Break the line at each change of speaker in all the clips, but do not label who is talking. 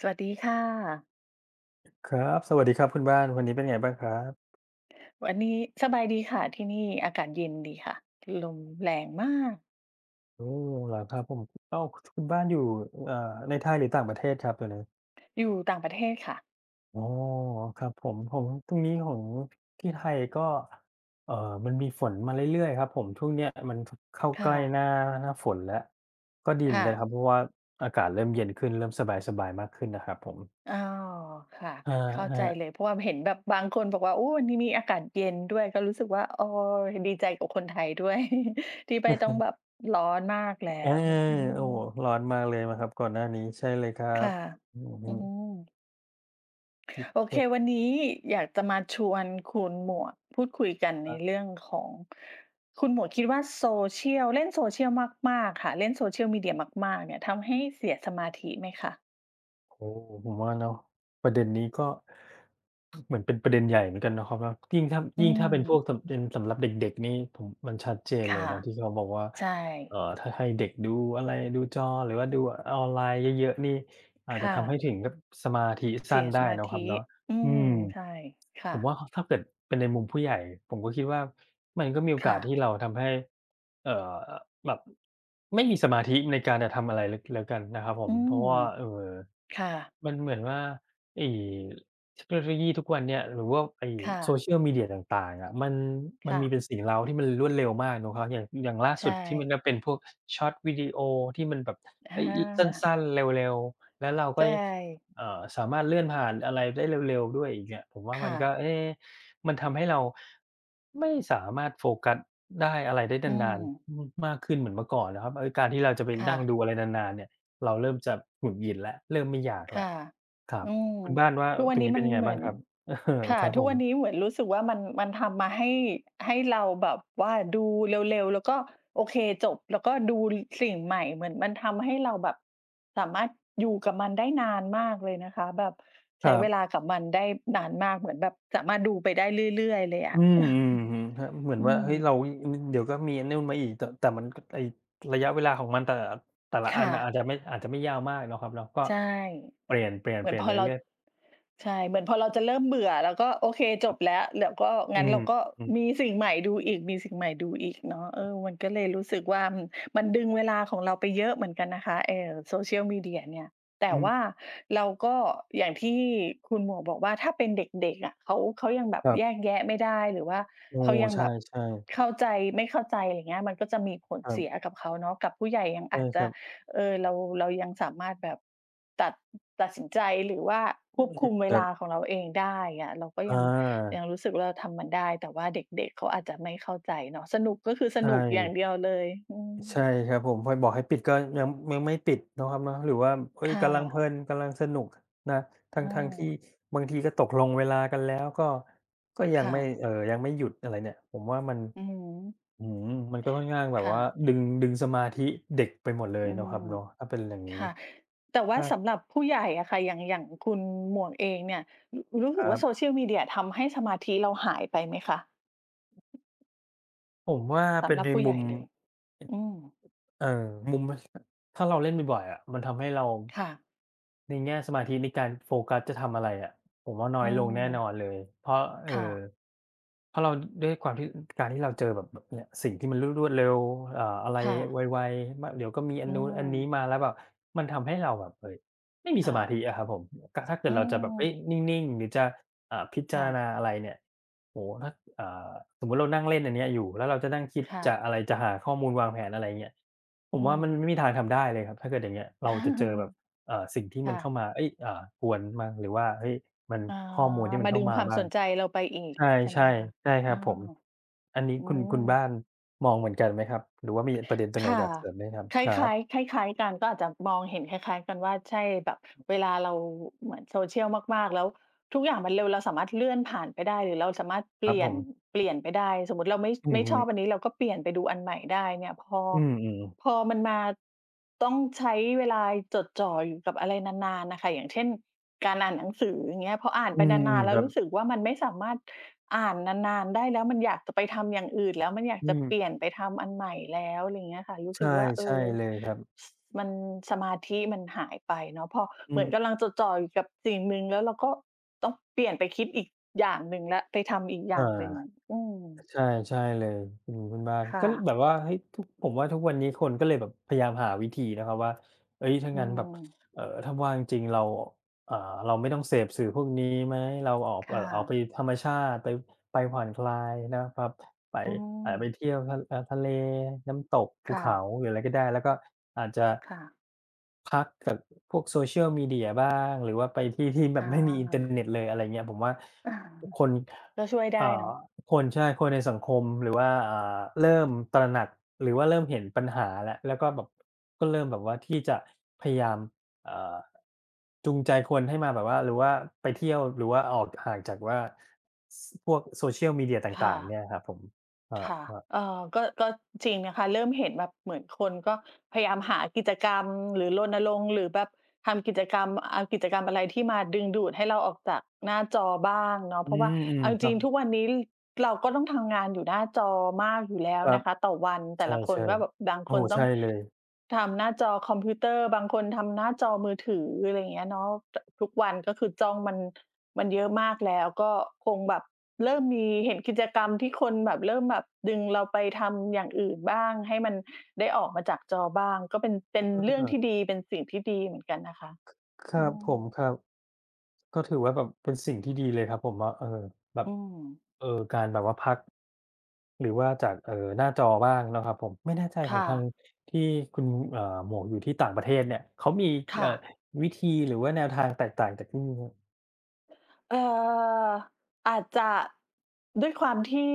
สวัสดีค่ะ
ครับ สวัสดีครับ คุณบ้าน วันนี้เป็นไงบ้างครับ?
วันนี้สบายดีค่ะ ที่นี่อากาศเย็นดีค่ะ ถ ลมแรงมาก
โอ้ เหรอ ครับผม? อ้าว คุณบ้านอยู่ เอ่อ ในไทยหรือต่างประเทศครับตอนนี้?
อยู่ต่างประเทศค่ะ
อ๋อ ครับผม ผม ตรงนี้ของที่ไทยก็ เอ่อ มันมีฝนมาเรื่อย ๆ ครับผม ช่วงเนี้ยมัน ถ เข้า
ค
ใก
่
ล้
ะ
หน้า หน้าฝนแล้ว ก็ดีเห
ค
มือ
่
นกัน
ะ
ครับ เพราะว่าอากาศเริ่มเย็นขึ้น เริ่มสบาย ๆ มากขึ้นนะครับผม
อ้อ ค่ะ
อะ
เข้า
ฮ
ใจ
ะ
เลย เพราะว่า ม เห็นแบบบางคนบอกว่า โอ้ ที่นี่อาการเย็นด้วย ก็รู้สึกว่า อ้อ เห็นดีใจกับคนไทยด้วย ที่ไม
อื
่
อ
ต
ฮ
้องแบ
ึ
บร้อนมากแล้
อา
ว อื
โอ้โฮ!
ม
ร้อนมากเลยไหมครับ ก่อนหน้านี้? ใช่เลยครั
ค่
บ
ะ
อือ
อ
ฮ
ื
ึ
ม โอเค
[unintelligible]
วันนี้อยากจะมาชวนคุณหมวกพูดคุยกันใ
ค
น
รับ
เรื่องของ คุณหมวกคิดว่า โซเชียล เล่นโซเชียลมาก ๆ ค่ะ เล่นโซเชียลมีเดียมาก ๆ เนี่ย ทำให้เสียสมาธิไหมคะ?
โอ้! ผมว่าเนาะ ประเด็นนี้ก็ เหมือนเป็นประเด็นใหญ่เหมือนกันเนาะครับเนาะ ยิ่งถ้า
อื
ยิ่งถ้าเป็นพวก
ม
สำ เป็นสำหรับเด็ก ๆ นี่ผม มันชัดเจ
ค
นเล
่ะ
ยนะ ที่เขาบอกว่า
ใช
เอ่
่
อ ถ้าให้เด็กดูอะไร ดูจอหรือว่าดูออนไลน์เยอะ ๆ นี่ อา
ค
จจะ
่
ทำให้
ะ
ถึงกับสมาธิ
เ
ส
ส
ั
ี
้น
ย
ไ
ส
ด้
มา
เนาะ
ธ
คร
ิ
ับเนาะ
อื
อื
ม
ม
ใช่ ค่
ผม
ะ
ว่า ข ถ้าเกิดเป็นในมุมผู้ใหญ่ ผมก็คิดว่า มันก็มีโอ
ค
ก
่
าส
ะ
ที่เราทำให้ เอ่อ แบบ ไม่มีสมาธิในการจะทำอะไร ล แล้วกันนะครับผ
อื
ม เพรา
ม
ะว่า เอ่อ
ค่ะ
มันเหมือนว่าไอ้เทคโนโลยีทุกวันเนี้ย หรือว่าไอ้
ค่
โซ
ะ
เชียลมีเดียต่าง ๆ อะมัน ม
ค
ั
่
นม
ะ
ีแต่สิ่งเร้าที่มันรวดเร็วมากเนาะครับ อย่าง อย่างล่า
ใช
สุดที่มันจ
่
ะเป็นพวก ชอร์ตวิดีโอ ที่มันแบบ
อ
ไอ้ ล สั
า
้น ๆ เร็ว ๆ แล้วเรา
ใช
ก็ ย
่
เอ่อ สามารถเลื่อนผ่านอะไรได้เร็ว ๆ ด้วยอีกเนี่ย ผมว่า
ค
ม
่
ันก็
ะ
เอ๊ มันทำให้เราไม่สามารถโฟกัสได้ อะไรได้
อื
นาน
ม
ๆ ม มากขึ้นเหมือนเมื่อก่อนนะครับ เอ๊ย การที่เราจะไป
ค่
นั่ง
ะ
ดูอะไรนาน ๆ เนี่ย เราเริ่มจะหงุดหงิดแล้ว เริ่มไม่อยาก
ค
แล้
่
ว
ะ
ครั
อ
บ
ืม
คุณบ้านว่า
ทุกวั
ต
น
ร
น
ง
ี้
นี้เป
มั
็
น
นยังไง
เหม
บ
ื
้า
อ
ง
น
ครับ? เออ
ค่ะ
ครับ
ทุ
ผ
กวัน
ม
นี้เหมือนรู้สึกว่ามัน มันทำมาให้ ให้เราแบบว่าดูเร็ว ๆ แล้วก็โอเคจบ แล้วก็ดู ร สิ่งใหม่ เหมือนมันทำให้เราแบบสามารถอยู่กับมันได้นานมากเลยนะคะ แบบ
ค
ใช
ร
้
ั
เว
บ
ลากับมันได้นานมาก เหมือนแบบสามารถ ดูไปได้เรื่อย ๆ เลยอ
อื
ะ
ม อือ อือฮึ ถ้า เหมือ
อ
น
ื
ว่า เฮ้ย เร
ม
า อุ๊ย อืม เดี๋ยวก็มีอันนู่นมาอีก ต แต่มันก็ ไอ้ระยะเวลาของมันแต่ละ แต่ละ
ค
อั
่
นอะอ
ะ
าจจะไม่ อาจจะไม่ยาวมากเนาะครับเนาะ ก็
ใช่
เปลี่ยน เปลี่ยน
เหม
เ
ื
ป
อ
ล
น
ี่ยน
พ
ไ
อ
ป
เรา
เรื่อย ๆ
ใช่ เหมือนพอเราจะเริ่มเบื่อ เราก็ โอเค จ
ครั
บ
บ
แล้ว แล้วก็
อ
ง
ื
ั้น แล
ม
้วก็
อือ
มีสิ่งใหม่ดูอีก มีสิ่งใหม่ดูอีกเนาะ เออ มันก็เลยรู้สึกว่า อืม มันดึงเวลาของเราไปเยอะเหมือนกันนะคะ เอ่อ โซเชียลมีเดียเนี่ย แต่
อื
ว่
ม
าเราก็ อย่างที่คุณหมวกบอกว่า ถ้าเป็นเด็ก ๆ อะ เขา อ เขาก็ยังคงแบบ
ครับ
แยกแยะไม่ได้หรือว่า
โอ้!
เขายัง
ใช
แบบ
่ ๆ
เข้าใจ ไม่เข้าใจ อะไรเงี้ย มันก็จะมีผล
ครั
เสี
บ
ยกับเขาเนาะ กับผู้ใหญ่ยัง
ใช
อ
่
าจจ
ค
ะ
รับ
เออ เรา เรายังสามารถแบบตัด ตัดสินใจ หรือว่า
อื
คว
อ
บ
ฮ
ค
ึ
ุมเว
ครั
ลา
บ
ของเราเองได้อะ เราก็ยัง ยั
อา
งรู้สึกว่าเราทำมันได้ แต่ว่าเด็ก ๆ เขาอาจจะไม่เข้าใจเนาะ สนุกก็คือส
ใช
นุกอย่าง
่
เดียวเลย อืม
ใช่ครับผม พอไปบอกให้ปิด ก็ยัง ยังไม่ปิดเนาะครับเนาะ หรือว่า อุ๊
ค
ย
่
กำลังเพ
ะ
ลิน กำลังสนุกนะ ท
อ
ั้ง ๆ ที่
า
บางทีก็ตกลงเวลากันแล้ว ก็ ก็ยั
ค
ง
่
ไม่
ะ
เอ่อ ยังไม่หยุด อะไรเนี่ย ผมว่ามัน
อือฮึ
อื้อฮือ มันก็ค่อนข้างแบบ
ค่
ว่า
ะ
ดึง ดึงสมาธิเด็กไปหมดเลย
อื
เนาะครั
ม
บเนาะ ถ้าเป็นอย่างงี
ค
้
่ะ แต่ว่
ถ
า
้า
สำหรับผู้ใหญ่อะค่ะ อย่าง อย่างคุณหมวกเองเนี่ย ร รู้
ค
สึ
ร
ก
ั
ว่าโ
บ
ซเชียลมีเดียทำให้สมาธิเราหายไปไหมคะ?
ผมว่า
ส
เป็
ำ
น
หรั
ใ
บ
น
ผู้
ม
ใ
ุ
หญ่
ม
เลยอะ อืม
เอ่อ มุมมัน ส ถ้าเราเล่นบ่อย ๆ อะ มันทำให้เรา
ค่ะ
ในแง่สมาธิในการโฟกัสจะทำอะไรอะ ผมว่าน้
อ
อ
ื
ยลงแน่
ม
นอนเลย เพราะ เอ่
ค่
อ
ะ
เพราะเรา ด้วยความที่ การที่เราเจอแบบ แบบเนี้ย สิ่งที่มันรวด รวดเร็ว อ่า อะไร
ค่
ไ
ะ
ว ๆ ม เดี๋ยวก็มีอั
อ
น
ื
นู้นอันนี้
ม
มาแล้วแบบมันทำให้เราแบบ เฮ่ย ไม่มี
ค
ส
่
มา
ะ
ธิอะครับผม ก ถ้าเกิ
อ
ด
ื
เราจะแบบ เอ๊
ม
ย นิ่ง ๆ หรือจะ อ่า พิจ
ค
า
่
ร
ะ
ณาอะไรเนี่ย โอ้โฮ! ถ้า อ่า สมมุติเรานั่งเล่นอันเนี้ยอยู่ แล้วเราจะนั่งคิด
ค่
จะ
ะ
อะไร จะหาข้อมูลวางแผน อะไรเงี้ย ผ
อ
ม
ื
ว่ามันไม
ม
่มีทางทำได้เลยครับ ถ้าเกิดอย่างเงี้ย เราจะเจอแบบ เอ่อ สิ่งที่
ค
มั
่
นเข้
ะ
ามา เอ๊ย อ่า กวนมั่งหรือว่า เฮ้ย มัน
อ๋อ
ข้อมูลที่มั
ม
น
า
เข้
ด
า
ึง
มา
ความ
บ้า
ส
ง
นใจเราไปอีก
ใช่
ใช่ไหมคะ?
ๆ ใช่ค
อ
ร
้
ั
า
บผม
ว
อันนี้
อื
คุณ คุณบ้
ม
านมองเหมือนกันไหมครับ? หรือว่ามีอะประเด็น ตรงไห
ค
น
่ะ
อยากเสริมไหมครับ?
คล
ครั
้
บ
าย ๆ คล้าย ๆ กัน ก็อาจจะมองเห็นคล้าย ๆ กันว่า ใช่ แบบเวลาเรา เหมือนโซเชียลมาก ๆ แล้ว ทุกอย่างมันเร็ว เราสามารถเลื่อนผ่านไปได้ หรือเราสามารถเ
ค
ป
รั
ล
บ
ี่
ผ
ยน
ม
เปลี่ยนไปได้ สมมุติเราไม่ ช
อื
ไม
อ
่
ฮ
ช
ึ
อบอันนี้ เราก็เปลี่ยนไปดูอันใหม่ได้เนี่ย พอ
อืม ๆ
พอมันมาต้องใช้เวลาจดจ่ออยู่กับอะไรนาน ๆ น่ะค่ะ อย่างเช่น การอ่านหนังสือ อย่างเงี้ย พออ่าน
อื
ไป
ม
นาน ๆ แล
ค
้ว
รั
ร
บ
ู้สึกว่า มันไม่สามารถอ่านนาน ๆ ได้แล้ว มันอยากจะไปทำอย่างอื่นแล้ว มันอยา
อ
ก
ื
จะเปล
ม
ี่ยนไปทำอันใหม่แล้ว ไรเงี้ยค่ะ รู้
ใช
สึ
่
กว่า เอ
ใช่
อ
เลยครับ
ส มัน สมาธิมันหายไปเนาะ พอ
อื
เหมือน
ม
กำลังจดจ่ออยู่กับสิ่งหนึ่ง แล้วเราก็ต้องเปลี่ยนไปคิดอีกอย่างหนึ่งแล้ว ไปทำอีกอ
อ่
ย
า
่างหนึ่ง อืม
ใช่ ใช่เลย อืม คุณบ้าน
ค่
ก็ ล
ะ
แบบว่า เฮ้ย! ทุก ผมว่าทุกวันนี้คนก็เลยแบบพยายามหาวิธีนะครับว่า เฮ้ย! ถ้า
อื
งั้นแบบ
ม
เอ่อ ถ้าว่างจริงเรา อ่า เราไม่ต้องเสพสื่อพวกนี้ไหม? เราออก
ค
เอ่
่
อ ออกไป
ะ
ธรรมชาติ ไป ไปผ่อนคลายนะครับ ไป
อื
อ่า ไป
ม
เที่ยวทะ อะ ทะเล น้ำตก ภ
ค
ู
่
เขา
ะ
หรืออะไรก็ได้ แล้วก็อาจจะ
ค่ะ
พักกับพวกโซเชียลมีเดียบ้าง หรือว่าไปที่ ๆ แ
อ
บบ ไม่มี อินเตอร์
า
เน็ตเลย อะไรเงี้ย ผมว่าทุกคน
ก็ช่วยได
อ
้
่
เน
า
าะ
ทุกคน ใช่ คนในสังคม หรือว่า อ่า เริ่มตระหนัก หรือว่าเริ่มเห็นปัญหาแล้ว แล้วก็แบบก็เริ่มแบบว่า ที่จะพยายาม อ่า จูงใจคนให้มาแบบว่า หรือว่าไปเที่ยว หรือว่าออกห่างจากว่า ส พวกโซเชียลมีเดียต
ค
่
่
าง ๆ
ะ
เนี่ยครับผม อ
ค่ะ
า ๆ
เอ่อ ก็ ก็จริงนะคะ เริ่มเห็นแบบเหมือนคนก็พยายามหากิจกรรม หรือรณรงค์ หรือแบบทำกิจกรรม เอากิจกรรมอะไรที่มาดึงดูดให้เราออกจากหน้าจอบ้างเนา
อ
ะ
ื
เพราะว่า
ม
เอาจ
ๆ คร
ร
ั
ิ
บ
งทุกวันนี้ เราก็ต้องทำงานอยู่หน้าจอมากอยู่แล้ว
ครั
น
บ
ะคะต่อวัน แ
ใ
ต่ละค
ช
น
่
ว่า แบบบาง
ๆ โอ้
ค
โ
น
ฮ
ต
ใช
้อ
่
ง
เลย
ทำหน้าจอคอมพิวเตอร์ บางคนทำหน้าจอมือถือ อะไรอย่างเงี้ยเนาะ ต ทุกวัน ก็คือจ้องมัน มันเยอะมากแล้ว ก็คงแบบเริ่มมีเห็นกิจกรรมที่คนแบบ เริ่มแบบดึงเราไปทำอย่างอื่นบ้าง ให้มันได้ออกมาจากจอบ้าง ก็เป็น เป็นเรื่องท
เออ
ี่ดี เป็นสิ่งที่ดีเหมือนกันนะคะ
ค คร
อ
ั
ื
บผม
ม
ครับ ก็ถือว่าแบบเป็นสิ่งที่ดีเลยครับ ผมว่า เออ แบบ
อืม
เออ การแบบว่าพัก หรือว่าจาก เอ่อ หน้าจอบ้างนะครับผม ไม่แน่ใจ
ค
ขอ
่
งทาง
ะ
ที่คุณ เอ่อ หมวกอยู่ที่ต่างประเทศเนี่ย เขามี
ค
เอ
่
่อ
ะ
วิธีหรือว่าแนวทางแตกต่างจากที่นี่ไหม?
เอ่อ อาจจะ ด้วยความที่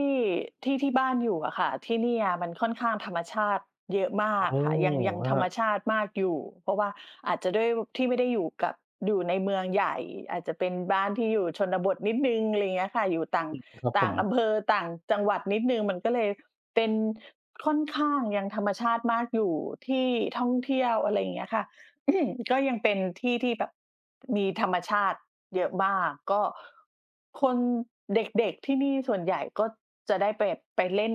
ที่ ที่บ้านอยู่อะค่ะ ที่เนี่ยมันค่อนข้างธรรมชาติเยอะม
โ
า
อ้
กค่ะ ยัง ยัง
ฮ
ธ
ะ
รรมชาติมากอยู่ เพราะว่าอาจจะด้วย ว ที่ไม่ได้อยู่กับ อยู่ในเมืองใหญ่ อาจจะเป็นบ้านที่อยู่ชนบทนิดหนึ่ง อะไรเงี้ยค่ะ อยู่ต่าง
อืม ครับ
ต
ผ
่าง
ม
อำเภอ ต่างจังหวัดนิดหนึ่ง มันก็เลยเป็นค่อนข้างยังธรรมชาติมากอยู่ ที่ท่องเที่ยว อะไรอย่างเงี้ยค่ะ ก็ยังเป็นที่ที่แบบมีธรรมชาติเยอะมาก ก็ คน เด็ก ๆ ที่นี่ส่วนใหญ่ก็จะได้แบบไปเล่น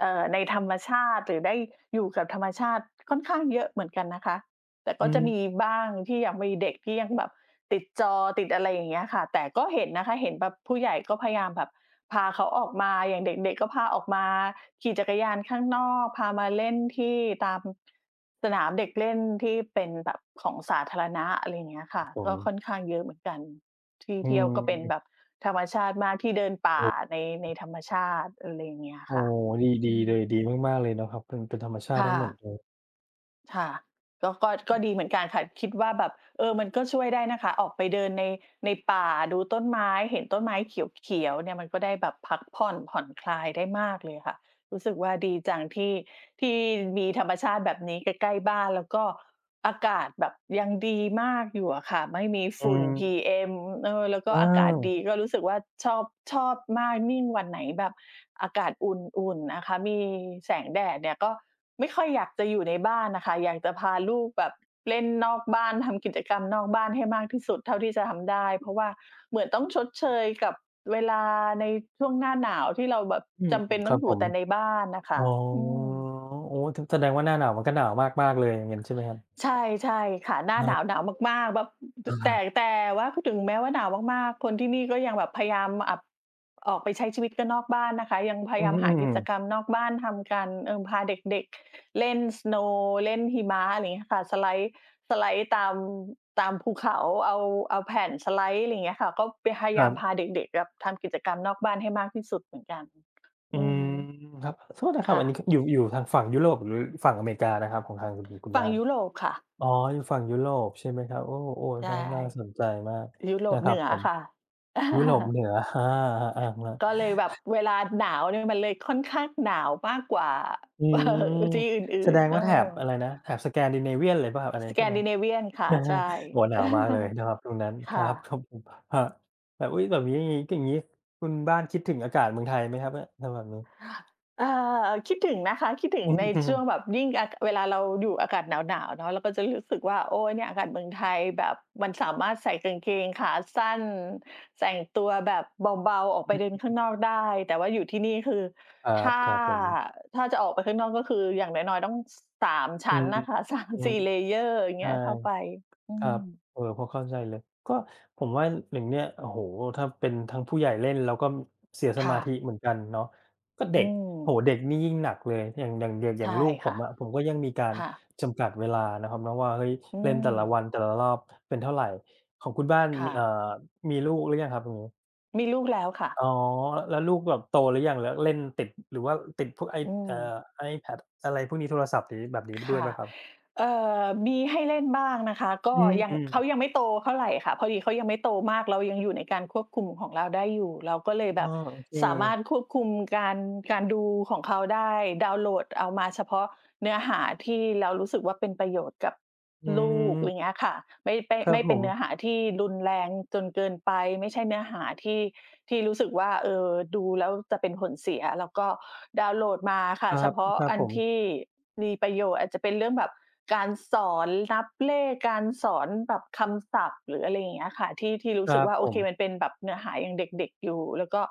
เอ่อ ในธรรมชาติ หรือได้อยู่กับธรรมชาติค่อนข้างเยอะเหมือนกันนะคะ แต่
อ
ก
ื
็จะ
ม
มีบ้างที่ยังมีเด็กที่ยังแบบติดจอ ติดอะไรอย่างเงี้ยค่ะ แต่ก็เห็นนะคะ เห็นแบบผู้ใหญ่ก็พยายามแบบพาเขาออกมา อย่างเด็ก ๆ ก็พาออกมาขี่จักรยานข้างนอก พามาเล่นที่ตามสนามเด็กเล่น ที่เป็นแบบของสาธารณะ อะไรอย่างเงี้ยค
คร
่
ั
ะ
บผ
ก็
ม
ค่อนข้างเยอะเหมือนกัน ที่
อื
เที่ยวก็เป็น
ม
แบบธรรมชาติมาก ที่เดินป
โอ
่า
้โ
ใน ใน
ฮ
ธรรมชาติ อะไรอย่างเงี้ย
โอ้
ค่ะ
โฮ ดี
อ
ดี
ื
เลย
ม
ดีมาก ๆ เลยเนาะครับ เป็น เป็นธรรมชาต
ค
ิ
่
ทั้งหมด
ะ
เลย
ค่ะ ก็ ก็ ก็ดีเหมือนกันค่ะ คิดว่าแบบ เออ มันก็ช่วยได้นะคะ ออกไปเดินใน ในป่า ดูต้นไม้ เห็นต้นไม้เขียว ๆ เนี่ย มันก็ได้แบบพักผ่อน ผ่อนคลาย ได้มากเลยค่ะ รู้สึกว่าดีจังที่ ที่มีธรรมชาติแบบนี้ใกล้ ๆ บ้าน แล้วก็อากาศแบบยังดีมากอยู่อะค่ะ ไม่มี
อ
ฝ
ื
ุ่น
ม
PM เออ แล้วก็
อ้า
อากาศ
ว
ดี ก็รู้สึกว่าชอบ ชอบมาก ยิ่งวันไหนแบบอากาศอุ่น ๆ นะคะ มีแสงแดดเนี่ย ก็ไม่ค่อยอยากจะอยู่ในบ้านน่ะค่ะ อยากจะพาลูกแบบเล่นนอกบ้าน ทำกิจกรรมนอกบ้านให้มากที่สุดเท่าที่จะทำได้ เพราะว่าเหมือนต้องชดเชยกับเวลาในช่วงหน้าหนาว ที่เราแบบ
อืม
จำ
อ
เ
ื
ป็
อ
น
ค
ต
ร
้อ
ั
ง
บ
อย
ผ
ู่
ม
แต่ในบ้านน่ะค
อ๋
่
อ
ะ อืม
โอ้ ถึง แสดงว่าหน้าหนาวมันก็หนาวมาก ๆ เลย งั้นใช่ไหมครับ?
ใช่ ใช่ค่ะ หน้
ค
า
รั
หน
บ
าว หนาวมาก ๆ แบบ ต
อ
แต่
า
แต่ว่าพูดถึงแม้ว่าหนาวมาก ๆ คนที่นี่ก็ยังแบบพยายามมาอับ ออกไปใช้ชีวิตกันนอกบ้านนะคะ ยังพย
อื
าย
อ
าม
ฮึ
หากิจ
ๆ
กรรมนอกบ้านทำกัน อืม พาเด็ก ๆ เล่น สโนว์ เล่นหิมะ อะไรงี้ค่ะ สไลด์ สไลด์ตาม ตามภูเขา เอา เอาแผ่นสไลด์ ไรเงี้ยค่ะ ก็ไป พย
ค
าย
รั
าม
บ
พาเด็ก ๆ แบบทำกิจกรรมนอกบ้านให้มากที่สุดเหมือนกัน
อื
อื
ม
อ
ครับ ขอโทษนะคร
ค
ับ
่
อันนี้
ะ
ค อยู่ อยู่ทางฝั่งยุโรป หรือฝั่งอเมริกานะครับ ของทางคุณ คุณ คุณ
ฝั
บ
่
้
ง
าน?
ยุโรปค่ะ
อ๋อ อยู่ฝั่งยุโรป ใช่ไหมครับ โอ้
ใช
ๆ
่
น่า น่าสนใจมาก
ยุโร
น
ป
ะค
เ
ร
หนื
ับ
อ
ผม
ค่ะ
ยุโรปเหนือ ฮา
ก็เลยแบบเวลาหนาวเนี่ย อ มันเลยค่อนข้างหนาวมากกว่า
อืม
ที่อ
แ
ื
ส
่
ด
น
ง
ๆ เอ
ว่
อ
าแถบ อะไรนะ แถบ Scandinavian เลยเปล่าครับ อันนี้ใช่ไหม?
Scandinavian ค่ะ ใช่
โอ้โฮ หนาวมากเลยเนาะครับตรงนั้น
ค
ค
่
รับ
ะ
ผม ครับ แบบ อุ๊ย! แบบงี้นี่ อย่างงี้คุณบ้านคิดถึงอากาศเมืองไทยไหมครับเนี่ย ถ้าแบบนี้?
อา คิดถึงนะคะ คิดถึ
อื
ง
อ
ในช่วงแบบยิ่ง อะ เวลาเราอยู่อากาศหนาว ๆ เนาะ แล้วก็จะรู้สึกว่า โอ๊ย เนี่ยอากาศเมืองไทยแบบมันสามารถใส่กางเกงขาสั้น แต่งตัวแบบเบา ๆ ออก
อ
ไปเดินข้า
ื
ง
ม
นอกได้ แต่ว่าอยู่ที่นี่คือ
ครั
ถ
บ
้า
ครับผม
ถ้าจะออกไปข้างนอก ก็คืออย่างน้อย ๆ ต้อง ส 3 ช
อื
ั้น
ม
น่ะค่ะ 3
อือ
ส
ฮ
ี่
ึ
layer อย่าง
ใ
เ
ช
งี
่
้ย เข้าไป อื
ครับ
ม
เอ่อ พอเข้าใจเลย ก็ผมว่าอย่างเงี้ย โอ้โฮ ถ้าเป็นทางผู้ใหญ่เล่นเราก็ ม เสียส
ค
ม
่
าธ
ะ
ิเหมือนกันเนาะ ก็เ
อ
ด
ื
็ก โอ
ม
้โฮ เด็กนี่ยิ่งหนักเลย อย่าง อย่าง อย่าง อ
ใ
ย
ช
่าง
่
ลูกผ
ค่ะ
มอะ ผมก็ยังมีกา
ค
ร
่ะ
จำกัดเวลาเนาะครับเนาะว่า เฮ้ย
อื
เล่นแต่ละวั
ม
น แต่ละรอบเป็นเท่าไร ของคุณบ้าน
ค
ม
่
ี อ่า
ะ
มีลูกหรือยังครับตรงนี้?
มีลูกแล้วค่ะ
อ๋อ อ แล้วลูกแบบโตหรือยัง? แล้วเล่นติด หรือว่าติดพวก i
อื
เอ่
ม
อ iPad อะไรพวกนี้ โทรศัพท์เดี๋ยวนี้ แบบนี้
ค
ด้วย
่
ไห
ะ
มครับ?
เอ่อ มีให้เล่นบ้างนะคะ ก
อ
็
ื
ยัง
ม
เข
ๆ
ายังไม่โตเท่าไรค่ะ พอดีเขายังไม่โตมาก เรายังอยู่ในการควบคุมของเราได้อยู่ เราก็เลย
อ
แบ
้อ
บ
โอเค
สามารถควบคุมการ การดูของเขาได้ ดาวน์โหลดเอามาเฉพาะเนื้อหาที่เรารู้สึกว่า เป็นประโยชน์กับ
อื
ลูก ไ
ม
รเงี้ยค่ะ ไม่ ไป้
ครั
ไม
บ
่
ผ
เป็นเ
ม
นื้อหาที่รุนแรงจนเกินไป ไม่ใช่เนื้อหาที่ ที่รู้สึกว่า เออ ดูแล้วจะเป็นผลเสีย เราก็ดาวน์โหลดมาค่
ค
ะ
รั
เฉ
บ
พาะ
ครับ
อั
ผ
นท
ม
ี่มีประโยชน์ อาจจะเป็นเรื่องแบบการสอนนับเลข การสอนแบบคำศัพท์ หรืออะไรอย่างเงี้ยค่ะ ที่ ที่รู
ค
้
ร
สึ
ั
ก
บ
ว่า โ
ผ
อเค
ม
มันเป็นแบบเนื้อหายังเด็ก ๆ อยู่ แล้วก็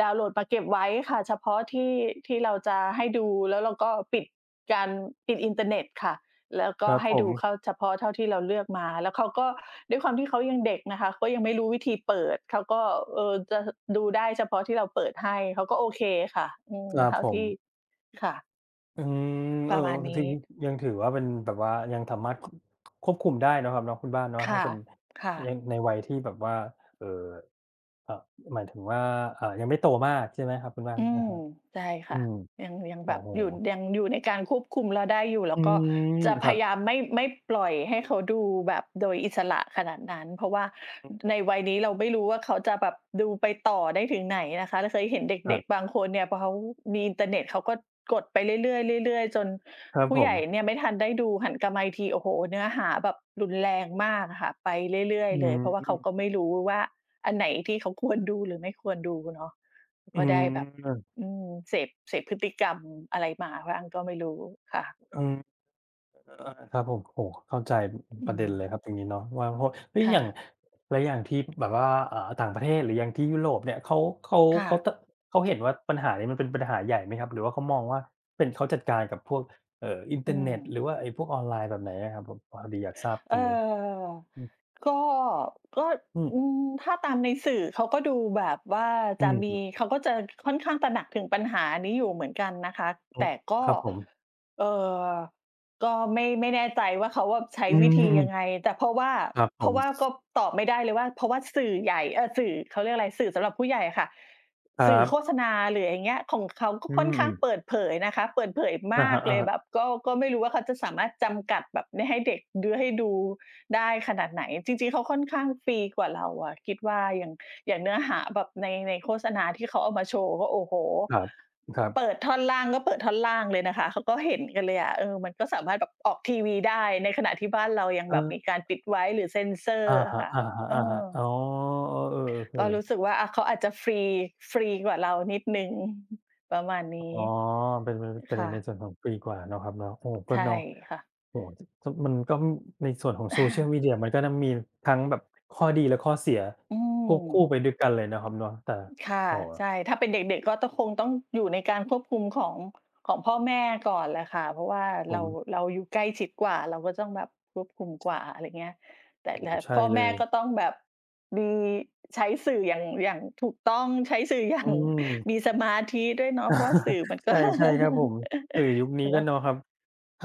ดาวน์โหลดมาเก็บไว้ค่ะ เฉพาะที่ ที่เราจะให้ดู แล้วเราก็ปิดการ ปิดอินเตอร์เน็ตค่ะ แล้วก
คร
็
ับ
ให้
ผ
ดู
ม
เข้าเฉพาะเท่าที่เราเลือกมา แล้วเขาก็ ด้วยความเขายังเด็กนะคะ ก็ยังไม่รู้วิธีเปิด เขาก็ เออ จะ ห ดูได้เฉพาะที่เราเปิดให้ เขาก็โอเคค่ะ อื
ค
ม
รั
เ
บ
ท่า
ผ
ที่
ม
ค่ะ
อืม เ
ป
ออ
ระมาณ
ม
น
ถึ
ี้
ง ยังถือว่าเป็นแบบว่า ยังสามารถ ค ค ควบคุมได้เนาะครับเนาะ คุณบ้านเนาะ
ค
ถ
่
้า
ะ
เป็น
ค่ะ
ยัง ในวัยที่แบบว่า เอ่อ อ หมายถึงว่า อะ ยังไม่โตมาก ใช่ไหมครับคุณบ้าน?
อื
อะ
ม
ฮะ
ใช่ค
อื
่ะ
ม
ยัง ยัง
โอ
แ
้
บบ
โฮ
อยู่ ยังอยู่ในการควบคุมเราได้อยู่ แ
อ
ล
ื
้วก็
ม
จะ
ค
พ
รั
ย
บ
ายามไม่ ไม่ปล่อยให้เขาดูแบบโดยอิสระขนาดนั้น เพราะว่า
อืม
ในวัยนี้เราไม่รู้ว่า เขาจะแบบดูไปต่อได้ถึงไหนนะคะ เราเคยเห็นเ
คร
ด
ั
็
บ
ก ๆ บางคนเนี่ย พอเขามีอินเตอร์เน็ต เขาก็กดไปเรื่อย ๆ ๆ ๆ จน
ครับ
ผู้
ผ
ใหญ่
ม
เนี่ยไม่ทันได้ดู หันกลับมาอีกที โอ้โฮ! เนื้อหาแบบรุนแรงมากอะค่ะ ไปเรื่อย
อื
ๆ เลย เพราะว่าเขา
ม
ก็ไม่รู้ว่า อันไหนที่เขาควรดู หรือไม่ควรดูเนาะ
อื
ก็ได
ม
้แบบ
ครับ
อืม เสพ เสพพฤติกรรมอะไรมาบ้างก็ไม่รู้ค่ะ
อืม อะ ครับผม โอ้โฮ เข้าใจ อ อื
อ
อ
ื
ประเด็นเลย
ม
ครับ ตรงนี้เนาะว่า ว่า เฮ้ย
ค่
อย่าง
ะ
แล้วอย่างที่แบบว่า อ่า ต่างประเทศ หรืออย่างที่ยุโรปเนี่ย เขา เขา
ค่
เข
ะ
า ต เขาเห็นว่าปัญหานี้มันเป็นปัญหาใหญ่ไหมครับ? หรือว่าเขามองว่าเป็น เขาจัดการกับพวก เอ่อ อินเต
อื
อร์เน็ตหร
ม
ือว่าไอ้พวกออนไลน์ แบบไหนอะครับ? แบบพอดีอยากทราบ
เ
ต
อ
ร
อ
งนี้ อือ
ก็ ก็
อื
อ
ม
ืม ถ้าตามในสื่อเขาก็ดูแบบว่า
อื
จะ
อ
มี
ฮึ
เขาก็จะค่อนข้างตระหนักถึงปัญหานี้อยู่เหมือนกันนะคะ
อื
แต
ม
่ก็
ครับผม
เอ่อ ก็ไม่ ไม่แน่ใจว่า เขาอะใช้
อื
วิธียั
ม ๆ
งไง แต่เพราะว่า
ครับ
เ
ผ
พรา
ม
ะว่าก็ตอบไม่ได้เลยว่า เพราะว่าสื่อใหญ่ เออ สื่อ เขาเรียกอะไร สื่อสำหรับผู้ใหญ่อะค่ะ
คร
ส
ั
ื่อโฆ
บ
ษณา หรืออะไรอย่างเงี้ย ของเขาก็
อื
ค่อนข้าง
ม
เปิดเผยนะคะ เปิดเผย
อ
ม
ะ
า
ฮ
ก
ะ
เลย
ๆ
แบบก็ ก็ไม่รู้ว่าเขาจะสามารถจำกัดแบบไม่ให้เด็กดู ให้ดูได้ขนาดไหน จริง ๆ เขาค่อนข้างฟรีกว่าเราอะ คิดว่าอย่าง อย่างเนื้อหาแบบใน ในโฆษณาที่เขาเอามาโชว์ก็ โอ้โฮ
ครับ ครั
เป
บ
ิดท่อนล่างก็เปิดท่อนล่างเลยนะคะ เขาก็เห็นกันเลยอะ เออ มันก็สามารถแบบออกทีวีได้ ในขณะที่บ้านเรายังแบบม
เออ
ีการปิดไว้หรือเซนเซอร
อะ
์อ
ฮ
ะ
ะ
ค่ะ เอ
ๆ ๆ อ
อ
๋อ อ๋อ เออ
ก็
ๆ
ร
ๆ
ู้สึกว่า อะ เขาอาจจะฟรี ฟรีกว่าเรานิดหนึ่ง ประมาณน
อ๋
ี้
อ เป็น เป็น เป็น
ค
ใน
่
ใน
ะ
ส่วนของปีกว่าเนาะครับเนาะ โอ้โฮ ก
ใ
็
ช่
เนาะ
ค่ะ
โอ้โฮ ส มันก็ในส่วนของโซเชียลมีเดียมันก็นะ มีทั้งแบบข้อดีและข้อเสีย
อื
ควบคู่
ม
ไปด้วยกันเลยเนาะครับเนาะ แต่
ค่ะ
โอ้โฮ
ใช่ ถ้าเป็นเด็ก ๆ ก็ต้อง คงต้องอยู่ในการควบคุมของ ของพ่อแม่ก่อนแหละค่ะ เพราะว่าเ
ผ
รา
ม
เราอยู่ใกล้ชิดกว่า เราก็ต้องแบบควบคุมกว่า อะไรเงี้ย แต่
โอ้โ
และ
ฮ! ใช่
พ่อ
เล
แม่ก็
ย
ต้องแบบมีใช้สื่ออย่าง อย่างถูกต้อง ใช้สื่อ อย่า
อื
ง
ม
มีสมาธิด้วยเนาะ เพราะว่าสื่อมัน ก็
ใช่ ๆ ครับผม สื่อยุคนี
ส
้
ำ
ก
หร
็
ับ
เนาะครับ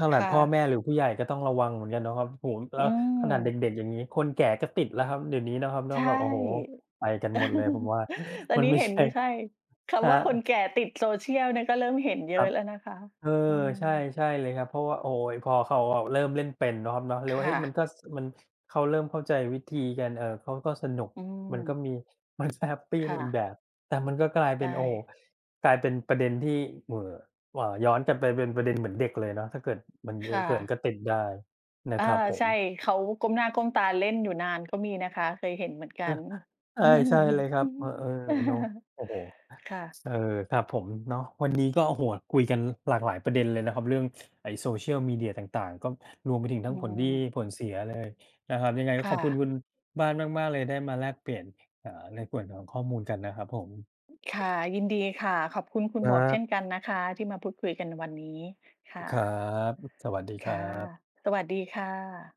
ขน
ค
าด
่
พ่อแ
ะ
ม่หรือผู้ใหญ่ก็ต้องระวังเหมือนกันเนาะครับ โอ้โฮ แ
อ
ล้
ื
วขนาดเ
ม
ด็ก ๆ อย่างงี้ คนแก่ก็ติดแล้วครับ เดี๋ยวนี้เนาะครับเน
ใ
า
ช
ะ
่
แบบ โอ้โฮ ไปกันหมดเลย ผมว่า
ตอ
ม
น
ัน
นี้
ไม่
เห็
ใ
น
ช่
อยู่ ใช่ ค
คร
ำ
ั
ว่าคน
บ
แก่ติดโซเชียลเนี่ย ก็เริ่มเห็นเยอ
คร
ะ
ับ
แล้วนะคะ
เออ
อื
ใช่
ม
ใช่เลยครับ เพราะว่า โอ๊ย พอข่าวออกเริ่มเล่นเป็นเนาะครับเนาะ เล
ค
ยว่า
่
เฮ้ย มั
ะ
นก็ ส มัน เขาเริ่มเข้าใจวิธีกัน เออ เขาก็สนุก
อื
มันก็
ม
มี มัน ส แฮปปี
ค
ใน
่
อีก
ะ
แบบ แต่มันก็กลาย
ใ
เ
ช
ป็น โอ้โฮ
่
กลายเป็นประเด็นที่ เหว่อ หว่า ย้อนกันไปเป็นประเด็น เหมือนเด็กเลยเนาะ ถ้าเกิดมัน
ค
เยอ
่
ะเกิน
ะ
ก็ติดได้น
อ
ะ
า
ครับผ
ใช
ม
่ เขาก้มหน้าก้มตาเล่นอยู่นาน ก็มีนะคะ เคยเห็นเหมือนกัน
ใช่ ใช่เลยครับ เออ ๆ เนาะ โอ้โฮ
ค่ะ
เออ ครับผมเนาะ วันนี้ ก็ โอ้โฮ คุยกันหลากหลายประเด็นเลยนะครับ เรื่อง ไอ้โซเชียลมีเดียต่าง ๆ ก็รวมไปถึง
อ
ทั
ื
้งผลดี
ม
ผลเสียเลยนะครับ ยังไงก
ค
็
่
ขอบคุณ
ะ
คุณบ้านมาก ๆ เลย ได้มาแลกเปลี่ยน อ่า ในส่วนของข้อมูลกันนะครับผม
ค่ะ ยินดีค่ะ ขอบคุณคุณ
ค
หม
ร
วกเช่
ับ
นกันนะคะที่มาพูดคุยกันในวันนี้ ค่
ครั
ะ
บ สวัสดี
ค
คร
่
ั
ะ
บ
สวัสดีค่ะ